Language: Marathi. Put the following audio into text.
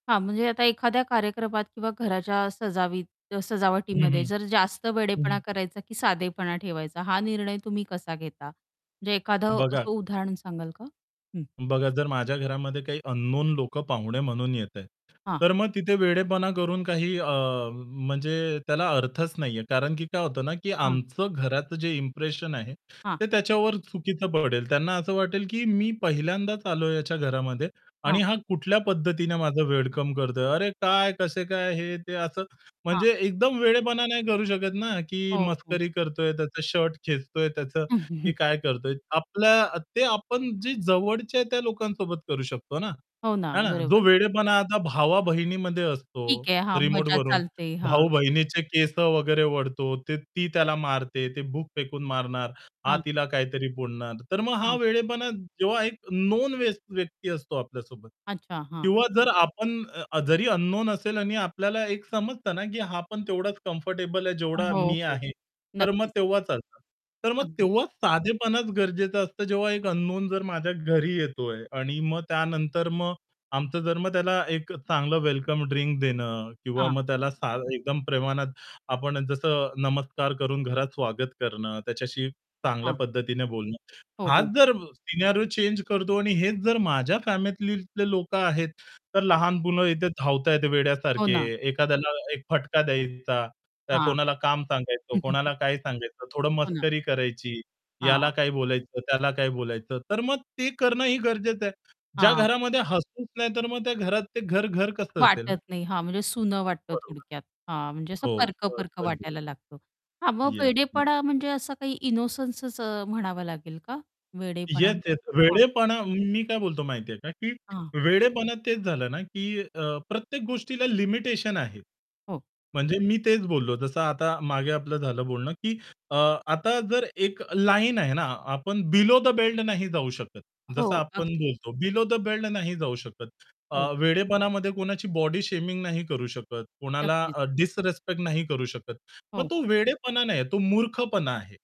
हां, म्हणजे आता एखाद्या कार्यक्रमात किंवा घराच्या सजावी अ, हं, सजावटीमध्ये हं. जर जास्त वेडेपणा हं. करायचा, की साधेपणा ठेवायचा हा निर्णय तुम्ही कसा घेता? म्हणजे एखादं बघा असं उदाहरण सांगाल का? हं. बघा जर माझ्या घरामध्ये काही अननोन लोकं पाहुणे म्हणून येताय, हां. तर मग तिथे वेडेपणा करून काही अ, म्हणजे त्याला अर्थच नाहीये. कारण, की काय होतं ना की हां. आमचं घराचं जे इंप्रेशन आहे हां. ते त्याच्यावर चुकीचं पडेल. त्यांना असं वाटेल, की मी पहिल्यांदाच आलोय याच्या घरामध्ये, आणि हां. हा कुठल्या पद्धतीने माझं वेलकम करतोय. "अरे काय? कसे काय?" हे-ते असं हां. म्हणजे एकदम वेडेपणा नाही करू शकत ना, की हो, हो. मस्करी करतोय त्याचा शर्ट खेचतोय त्याचं, की काय करतोय. आपल्या ते आपण जे जवळचे आहे त्या लोकांसोबत करू शकतो ना. हो ना हा ना? जो बरोबर. वेडेपणा आता भावा-बहिणीमध्ये असतो, ठीक आहे हां, मजा रिमोटवरून चालते हां. भाऊ-बहिणीचे केस वगैरे ओढतो ते ती त्याला मारते, ते बुक फेकून मारणार, हा हां. तिला काहीतरी बोलणार. तर मग हा हां. वेडेपणा जेव्हा एक नोन व्यक्ती असतो आपल्यासोबत. अच्छा हां. किंवा जर आपण जरी अननोन असेल आणि आपल्याला एक समजत ना, की हा पण तेवढाच कम्फर्टेबल आहे जेवढा हो, मी हो. आहे. तर मग नक्कीच. तेव्हाच चालतं. तर मग अगदी. तेव्हाच साधेपण गरजेचं असतं जेव्हा एक अननोन जर माझ्या घरी येतोय आणि मग त्यानंतर मग आमचं जर मग त्याला एक चांगलं वेलकम ड्रिंक देणं किंवा हां. मग त्याला सा एकदम प्रमाणात आपण जसं नमस्कार करून घरात स्वागत करणं, त्याच्याशी चांगल्या हां. पद्धतीने बोलणं. हो, हाच हो. जर सिनेरिओ चेंज करतो आणि हेच जर माझ्या फॅमिलीतले लोकं आहेत, तर हो. लहान मुलं इथे धावत आहेत हो वेड्यासारखे, ना. हं. एखाद्याला एक फटका द्यायचा, हां. कोणाला काम सांगायचं, कोणाला काय सांगायचं, थोडं हो ना. मस्करी करायची, याला हां. काही बोलायचं, त्याला काही बोलायचं. तर मग ते करणं ही गरजेचं आहे. ज्या हां. घरामध्ये हसूच नाही तर मग त्या घरात ते घर घर कसं असेल ना? वाटत नाही हां म्हणजे सुनं वाटतं बरोबर. थोडक्यात. हां म्हणजे असं हो [unintelligible] परक-परक अगदीच. वाटायला लागतो. हां मग येस. वेडेपणा म्हणजे असं काही इनोसन्सच म्हणावं लागेल का वेडेपणा? येस-येस हां. वेडेपणा, मी काय बोलतो माहिती आहे का? की हां. वेडेपणा तेच झालं ना की प्रत्येक अ, गोष्टीला लिमिटेशन आहे. हो. म्हणजे मी तेच बोललो जसं आता मागे आपलं झालं बोलणं, की अ, आता जर एक लाईन आहे ना आपण बिलो द बेल्ट नाही जाऊ शकत. हो जसं आपण अगदी. बोलतो बिलो द बेल्ट नाही जाऊ शकत. अ, हो. वेडेपणामध्ये कोणाची बॉडी शेमिंग नाही करू शकत, कोणाला नक्कीच. डिसरेस्पेक्ट नाही करू शकत. मग हो. तो वेडेपणा नाहीये तो मूर्खपणा आहे.